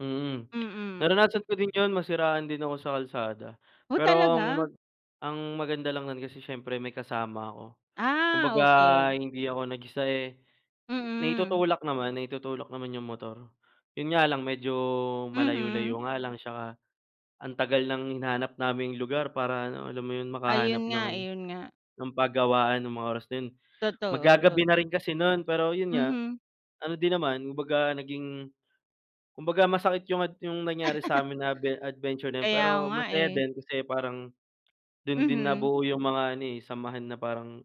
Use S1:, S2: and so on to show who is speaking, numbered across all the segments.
S1: Mm.
S2: Mm.
S1: Naranasan ko din 'yun, nasiraan din ako sa kalsada
S2: Oh
S1: pero ang
S2: talaga?
S1: mag ang maganda lang nun kasi siyempre may kasama ako.
S2: Ah,
S1: Kumbaga
S2: okey.
S1: hindi ako nag-isa, eh,
S2: Mm.
S1: naitutulak naman, naitutulak naman 'yung motor. 'Yun nga lang medyo
S2: Mhm.
S1: malayo-layo nga lang 'tsaka ang tagal ng hinanap naming lugar para ano, alam mo 'yun makahanap
S2: Ayun nga,
S1: ng ano,
S2: ayun nga.
S1: ng pagawaan ng mga oras na 'yun.
S2: Totoo,
S1: Mag-gagabi na
S2: totoo.
S1: rin kasi nun, pero 'yun nga,
S2: Mhm.
S1: ano din naman kumbaga naging, kumbaga masakit 'yung ad 'yung nangyari sa'min na adve adventure na 'yun
S2: Kaya
S1: pero
S2: nga
S1: masaya
S2: eh.
S1: din, kasi parang dun din
S2: Mhm.
S1: nabuo 'yung mga ano, eh, samahan na parang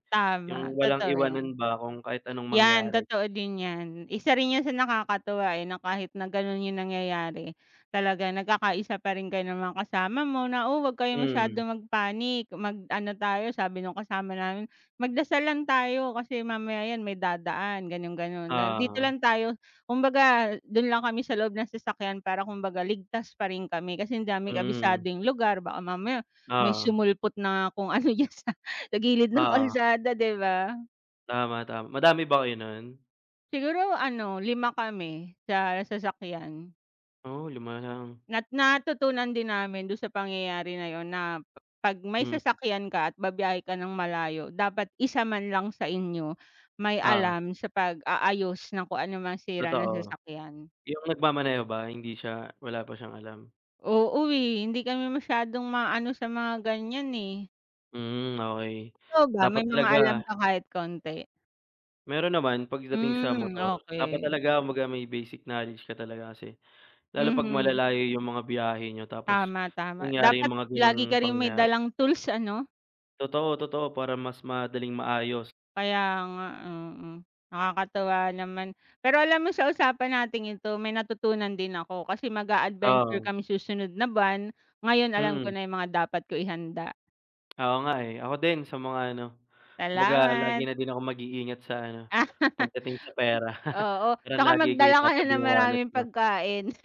S1: 'yung
S2: Tama,
S1: walang
S2: totoo 'yan.
S1: iwanan ba kung kahit anong
S2: 'Yan
S1: mangyari.
S2: totoo din 'yan, isa rin 'yun sa nakakatuwa, eh, na kahit na gano'n 'yung nangyayari talagang nagkakaisa pa rin kayo ng mga kasama mo na, "oh huwag kayo masyado
S1: Mm.
S2: mag panic, mag ano tayo," sabi nung kasama namin, "magdasal lang tayo kasi mamaya 'yan, may dadaan" gano'n gano'n "dito
S1: Oo.
S2: lang tayo." Kumbaga dun lang kami sa loob ng sasakyan para kumbaga ligtas pa rin kami kasi di namin kabisado
S1: Mhm.
S2: 'yung lugar baka mamaya may
S1: Oo.
S2: sumulpot na kung ano diyan sa gilid ng
S1: Oo.
S2: kalsada 'di ba.
S1: Tama, tama. Madami ba kayo nun?
S2: Siguro ano, 5 kami sa sasakyan.
S1: Oh 5 lang.
S2: Nat natutunan din namin dun sa pangyayari na 'yon na, 'pag may
S1: Hmm.
S2: sasakyan ka at ba-biyahe ka ng malayo dapat isa man lang sa inyo may
S1: Oo.
S2: alam sa pag-aayos ng kung ano mang sira ng
S1: Totoo.
S2: sasakyan.
S1: 'Yung nagmamaneho ba, hindi siya, wala pa siyang alam?
S2: Oo, eh, hindi kami masyadong maano sa mga ganiyan, eh.
S1: Mm, okey.
S2: Ikaw ba,
S1: Dapat
S2: may mga alam
S1: talaga
S2: ka kahit konti?
S1: Meron naman pagdating sa
S2: Hmm,
S1: motor, dapat
S2: okey.
S1: talaga kumbaga may basic knowledge ka talaga kasi, lalo 'pag
S2: Mhm.
S1: malalayo 'yung mga biyahe niyo tapos
S2: Tama, tama.
S1: nangyari 'yung
S2: Dapat
S1: mga
S2: lagi
S1: gano'ng
S2: ka ring may
S1: pangyayari.
S2: dalang tools ano?
S1: Totoo, totoo, para mas madaling maayos.
S2: Kaya nga, oo, nakakatuwa naman. Pero alam mo sa usapan nating ito may natutunan din ako, kasi mag-a-adventure
S1: Oo.
S2: kami susunod na buwan, ngayon alam ko
S1: Mhm.
S2: na 'yung mga dapat ko ihanda.
S1: Oo nga, eh, ako din sa mga ano, kumbaga lagi
S2: Salamat!
S1: na din akong mag-iingat sa ano, pagdating sa pera,
S2: Oo,
S1: Parang
S2: 'tsaka
S1: lagi ko
S2: magdala ka na
S1: itatabi
S2: ng
S1: 'yung wallet
S2: maraming
S1: ko.
S2: pagkain.